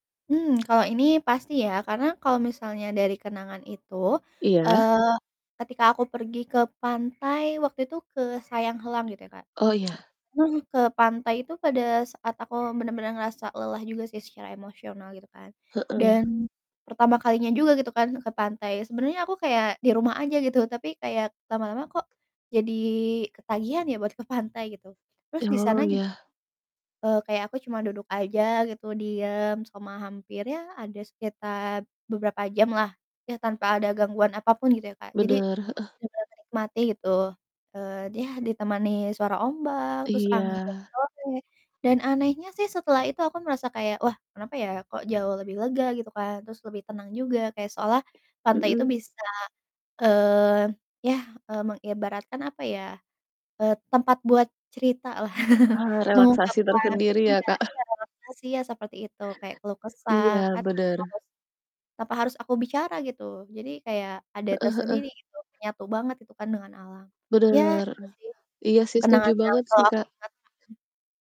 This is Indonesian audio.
Mmm, kalau ini pasti ya, karena kalau misalnya dari kenangan itu, Iya. eee, ketika aku pergi ke pantai, waktu itu ke Sayang Heulang gitu ya, Kak. Oh, iya. Heeh, ke pantai itu pada saat aku bener-bener ngerasa lelah juga sih secara emosional gitu kan. Heeh. Dan pertama kalinya juga gitu kan ke pantai. Sebenernya aku kayak di rumah aja gitu, tapi kayak lama-lama kok jadi ketagihan ya buat ke pantai gitu. Terus di sana Oh, ju ya. eee, kayak aku cuma duduk aja gitu, diem selama hampir, ya ada sekitar beberapa jamlah, ya tanpa ada gangguan apa pun gitu ya, Kak. Jadi, Bener, heeh. bener menikmati gitu, eee, di yah ditemani suara ombak, terus angin Iya. sore, dan anehnya sih setelah itu aku merasa kayak, "Wah kenapa ya kok jauh lebih lega?" gitu kan. Terus lebih tenang juga kayak seolah pantai itu Mmm. bisa, eee, ya, eee, mengibaratkan apa ya, eee, tempat buat ceritalah. Eee, relaksasi Mengungkapkan tersendiri ya, iya Kak. iya, relaksasi, iya seperti itu, kayak keluh kesah Iya, kan tanpa bener. harus, tanpa harus aku bicara gitu. Jadi kayak ada Heeh heeh. tersendiri gitu, menyatu banget gitu kan dengan alam. Ya, Bener, itu eh. sih Iya sih setuju kenangan yang banget sih, selalu aku Kak. ingat. Mhm.